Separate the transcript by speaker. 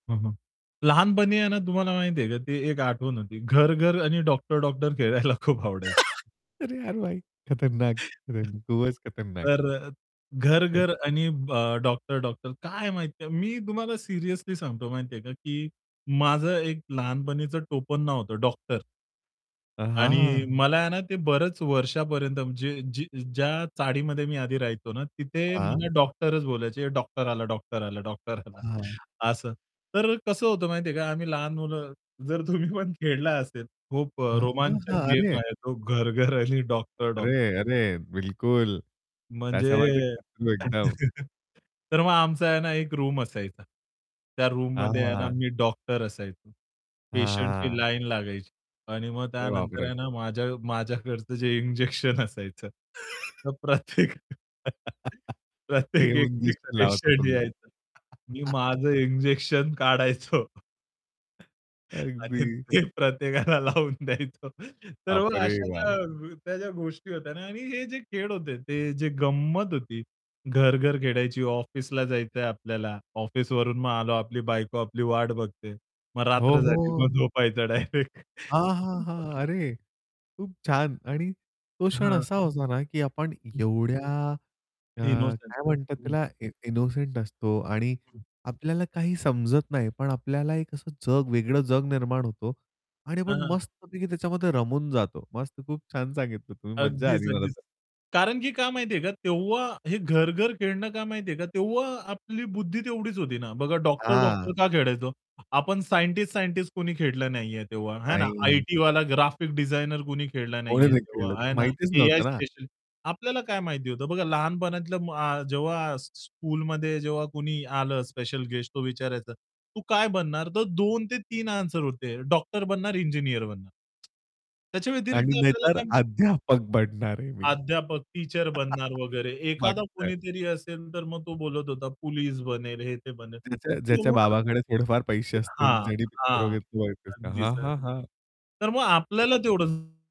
Speaker 1: हं, हं. लहानपणी आहे ना, तुम्हाला माहिती आहे का ती एक आठवण होती घर-घर आणि डॉक्टर-डॉक्टर खेळायला खूप आवडायची.
Speaker 2: अरे यार भाई! खतरनाक. [unintelligible] खतरनाक. खूपच खतरनाक.
Speaker 1: तर अ,
Speaker 2: हं.
Speaker 1: घर-घर आणि ब डॉक्टर-डॉक्टर काय आहे माहिती आहे? मी तुम्हाला सिरियसली सांगतो माहिती आहे का, की माझं एक लहानपणीचं टोपण नाव होतं डॉक्टर.
Speaker 2: अ,
Speaker 1: आणि
Speaker 2: हां.
Speaker 1: मला आहे ना, ते बरेच वर्षापर्यंत जे जे ज्या चाळीमध्ये मी आधी राहायचो ना, तिथे
Speaker 2: हां.
Speaker 1: मला डॉक्टरच बोलायचे, डॉक्टर आला, डॉक्टर आला डॉक्टर आला
Speaker 2: हां.
Speaker 1: असं. तर कसं होतं माहिती आहे का आम्ही लहान मुलं जर तुम्ही पण खेळला असेल खूप अ,
Speaker 2: हां, हां,
Speaker 1: रोमांचक
Speaker 2: हां,
Speaker 1: गेम
Speaker 2: अरे!
Speaker 1: आहे तो घर-घर आणि डॉक्टर-डॉक्ट
Speaker 2: अरे, अरे, बिलकुल. त्या
Speaker 1: म्हणजे
Speaker 2: सामाजिक [unintelligible] एकदम.
Speaker 1: तर मग आमचा आहे ना, एक रूम असायचा. त्या रूममध्ये आहे ना,
Speaker 2: हां.
Speaker 1: मी डॉक्टर असायचो. पेशंटची
Speaker 2: हां.
Speaker 1: लाईन लागायची आणि मग
Speaker 2: अरे
Speaker 1: त्यानंतर
Speaker 2: बापरे.
Speaker 1: आहे ना, माझ्या माझ्याकडचं जे इंजेक्शन असायचं तर प्रत्येक
Speaker 2: ते
Speaker 1: प्रत्येक
Speaker 2: येऊन
Speaker 1: एक एक
Speaker 2: इंजेक्शन लावत होतो
Speaker 1: पेशंट
Speaker 2: मी.
Speaker 1: यायचं. मी माझं इंजेक्शन काढायचो आणि
Speaker 2: अगदी.
Speaker 1: ते प्रत्येकाला लावून द्यायचो. तर मग
Speaker 2: बापरे
Speaker 1: अशा
Speaker 2: बाप.
Speaker 1: त्या ज्या गोष्टी होत्या ना. आणि हे जे खेळ होते ते जे गंमत होती घर-घर खेळायची ऑफिसला जायचंय आपल्याला, ऑफिसवरून मग आलो आपली बायको आपली वाट बघते. मग
Speaker 2: हो,
Speaker 1: रात्र झाली
Speaker 2: हो.
Speaker 1: मग झोपायचं डायरेक्ट.
Speaker 2: हां, हां,
Speaker 1: [unintelligible]
Speaker 2: हां, अरे खूप छान आणि तो क्षण
Speaker 1: हां.
Speaker 2: असा होता ना, की आपण
Speaker 1: हं.
Speaker 2: एवढ्या अ,
Speaker 1: इनोसेंट,
Speaker 2: काय म्हणतात
Speaker 1: हं.
Speaker 2: त्याला इ इनोसेंट असतो आणि
Speaker 1: हं.
Speaker 2: आपल्याला काही समजत नाही. पण आपल्याला एक असं जग वेगळं जग निर्माण होतो आणि आपण
Speaker 1: हां, हां.
Speaker 2: मस्तपैकी त्याच्यामध्ये रमून जातो. मस्त खूप छान सांगितलं तुम्ही मज्जा
Speaker 1: अगदीच,
Speaker 2: आली मला
Speaker 1: अगदीच.
Speaker 2: तर.
Speaker 1: कारण की काय माहितीये का तेव्हा हे घर-घर खेळणं काय माहिती आहे का? तेव्हा आपली बुद्धी तेवढीच होती ना. बघा डॉक्टर-डॉक्टर
Speaker 2: हां.
Speaker 1: का खेळायचो. आपण सायंटिस्ट-सायंटिस्ट कोणी खेळलं नाहीये, तेव्हा आहे ना.
Speaker 2: नाही.
Speaker 1: आयटीवाला, ग्राफिक डिझाइनर कुणी खेळला
Speaker 2: कोणी
Speaker 1: नाहीये
Speaker 2: नाही
Speaker 1: तेव्हा
Speaker 2: खेळलं
Speaker 1: आहे
Speaker 2: तर
Speaker 1: ना.
Speaker 2: माहितीच
Speaker 1: एआय
Speaker 2: नव्हतं ना.
Speaker 1: स्पेशल आपल्याला काय माहिती होतं. बघा लहानपणातल्या म अ, जेव्हा स् स्कूलमध्ये जेव्हा कोणी आलं स्पेशल गेस्ट तो विचारायचा, "तू काय बनणार?" तर 2-3 आन्सर होते. डॉक्टर बनणार इंजिनिअर बनणार. त्याच्या व्यतिरिक्त
Speaker 2: आणि
Speaker 1: आपल्याला
Speaker 2: नाहीतर
Speaker 1: काय माहीत.
Speaker 2: अध्यापक बनणार आहे मी.
Speaker 1: अध्यापक, टीचर बनणार वगैरे.
Speaker 2: मग
Speaker 1: एखादा
Speaker 2: काय.
Speaker 1: कोणीतरी असेल, तर मग तो बोलत होता, पोलिस बनेल, हे, ते बनेल.
Speaker 2: ज्याच्या ज्याच्या
Speaker 1: एवढं
Speaker 2: बाबाकडे थोडेफार पैसे
Speaker 1: [unintelligible]
Speaker 2: असतील,
Speaker 1: हां,
Speaker 2: ज्यांनी पिक्चर
Speaker 1: हां.
Speaker 2: वगैरे किंवा येत [unintelligible]
Speaker 1: अगदीच,
Speaker 2: हां,
Speaker 1: अगदी
Speaker 2: हां, हां.
Speaker 1: तर मग आपल्याला
Speaker 2: अगदी.
Speaker 1: तेवढं